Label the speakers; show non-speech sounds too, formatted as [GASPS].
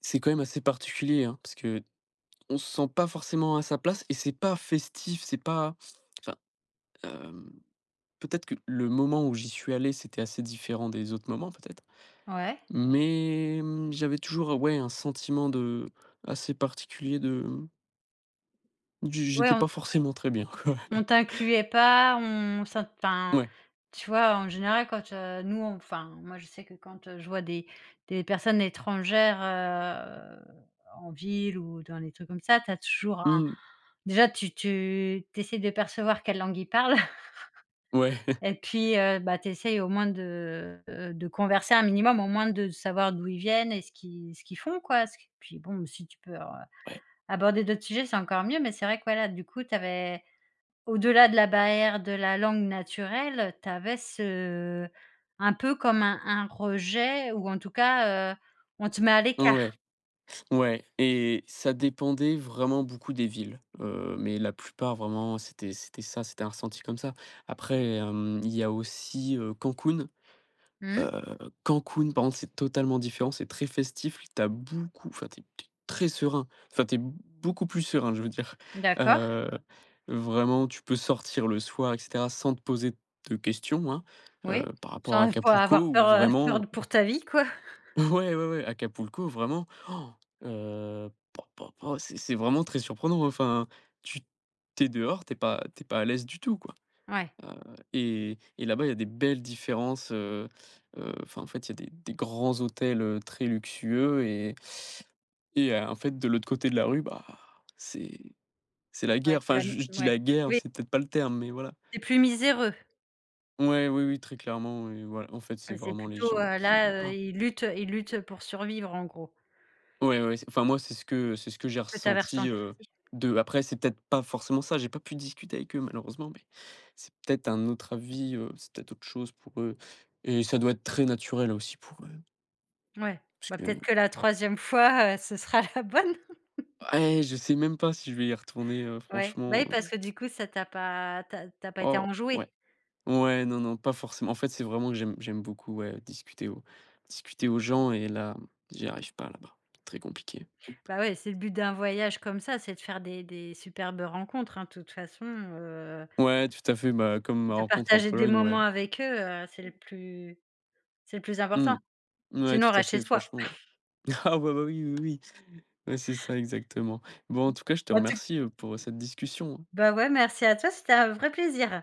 Speaker 1: C'est quand même assez particulier, hein, parce qu'on se sent pas forcément à sa place et c'est pas festif, c'est pas enfin, hem, peut-être que le moment où j'y suis allé, c'était assez différent des autres moments peut-être.
Speaker 2: Ouais.
Speaker 1: Mais, mmh, j'avais toujours ouais un sentiment de assez particulier de mmh du j
Speaker 2: Ouais,
Speaker 1: j'étais pas
Speaker 2: on
Speaker 1: forcément très bien, quoi.
Speaker 2: on t'incluait pas, on ça t enfin,
Speaker 1: Ouais.
Speaker 2: tu vois? En général, quand, heu, nous enfin, moi, je sais que quand, heu, je vois des des personnes étrangères, heu, en ville ou dans des trucs comme ça, tu as toujours un
Speaker 1: Mmh.
Speaker 2: déjà, tu tu tu essaies de percevoir quelle langue ils parlent
Speaker 1: Ouais.
Speaker 2: [LAUGHS]
Speaker 1: [CHUCKLES]
Speaker 2: et puis, heu, bah tu essaies au moins de, heu heu, de converser un minimum, au moins de savoir d'où ils viennent et ce qu'ils ce qu'ils font quoi. Ce qui puis bon, si tu peux alors,
Speaker 1: Ouais.
Speaker 2: aborder d'autres sujets, c'est encore mieux. Mais c'est vrai que, voilà du coup, tu avais, au-delà de la barrière de la langue naturelle, tu avais ce un peu comme un un rejet ou en tout cas, heu, on te met à
Speaker 1: N ouais.
Speaker 2: l'écart.
Speaker 1: Ouais et ça dépendait vraiment beaucoup des villes. Heu, mais la plupart, vraiment, c'était c'était ça, c'était un ressenti comme ça. Après hem, il y a aussi, heu, Cancún.
Speaker 2: Mmh.
Speaker 1: Heu, Cancún, par contre, c'est totalement différent, c'est très festif. Tu as beaucoup enfin, tu es tu es très serein. Enfin, tu es beaucoup plus serein, je veux dire,
Speaker 2: D'accord.
Speaker 1: heu, vraiment tu peux sortir le soir et cetera sans te poser de questions hein, heu,
Speaker 2: Oui,
Speaker 1: par rapport à
Speaker 2: genre il faut
Speaker 1: Acapulco
Speaker 2: avoir
Speaker 1: ou
Speaker 2: peur heu,
Speaker 1: vraiment
Speaker 2: peur pour ta vie quoi? [CHUCKLES]
Speaker 1: Ouais, ouais ouais, Acapulco vraiment, [GASPS] heu, po po po c'est c'est vraiment très surprenant. Enfin tu tu es dehors, tu es pas tu es pas à l'aise du tout quoi.
Speaker 2: Ouais.
Speaker 1: Heu et et là-bas il y a des belles différences, heu heu, enfin en fait il y a des des grands hôtels, heu, très luxueux et et heu, en fait de l'autre côté de la rue, bah, c'est c'est la guerre.
Speaker 2: Ouais, c'est
Speaker 1: Enfin
Speaker 2: la nu
Speaker 1: je je dis
Speaker 2: ouais.
Speaker 1: la guerre,
Speaker 2: Oui.
Speaker 1: c'est peut-être pas le terme, mais voilà.
Speaker 2: C'est plus miséreux.
Speaker 1: Ouais, oui oui très clairement ouais, voil en fait
Speaker 2: Ah
Speaker 1: c'est
Speaker 2: c'est
Speaker 1: vraiment les
Speaker 2: plutôt,
Speaker 1: gens
Speaker 2: heu,
Speaker 1: qui
Speaker 2: là, heu,
Speaker 1: [GASPS]
Speaker 2: ils luttent, heu, ils luttent, heu, pour survivre en gros.
Speaker 1: Ouais ouais, c'est enfin moi c'est ce que c'est ce que j'ai
Speaker 2: Ce que tu avais
Speaker 1: ressenti,
Speaker 2: ressenti,
Speaker 1: heu,
Speaker 2: oui.
Speaker 1: d'eux. Après c'est peut-être pas forcément ça, j'ai pas pu discuter avec eux malheureusement mais, c'est peut-être un autre avis, heu, c'est peut-être autre chose pour eux et ça doit être très naturel aussi pour eux
Speaker 2: Mouais. Bah,
Speaker 1: puisque
Speaker 2: peut-être que la 3e fois, heu, ce sera la bonne? [LAUGHS]
Speaker 1: Bah eh, je sais même pas si je vais y retourner, heu,
Speaker 2: Ouais. Bah
Speaker 1: franchement,
Speaker 2: oui parce
Speaker 1: heu.
Speaker 2: que du coup, ça t'a pas tu as tu as pas été
Speaker 1: Oh, ouais,
Speaker 2: enjoué.
Speaker 1: ouais non non pas forcément. En fait c'est vraiment j'aime j'aime beaucoup, ouais, discuter aux discuter aux gens et là mmh, j'y arrive pas là-bas, très compliqué.
Speaker 2: Bah ouais, c'est le but d'un voyage comme ça, c'est de faire des des superbes rencontres, hein, de toute façon, heu
Speaker 1: Ouais tout à fait. Bah, comme ma
Speaker 2: de
Speaker 1: rencontre en
Speaker 2: partager des
Speaker 1: Pologne,
Speaker 2: moments
Speaker 1: ouais.
Speaker 2: avec eux, heu, c'est le plus c'est le plus
Speaker 1: Mmh.
Speaker 2: important.
Speaker 1: Ouais
Speaker 2: Sinon,
Speaker 1: tout
Speaker 2: on
Speaker 1: à
Speaker 2: reste chez
Speaker 1: fait
Speaker 2: soi.
Speaker 1: franchement.
Speaker 2: [CHUCKLES]
Speaker 1: Ah ouais, bah oui oui oui oui. Ouais c'est ça, exactement. Bon en tout cas je te
Speaker 2: En tout
Speaker 1: remercie, heu, pour, heu, cette discussion.
Speaker 2: Bah, ouais merci à toi, c'était un vrai plaisir.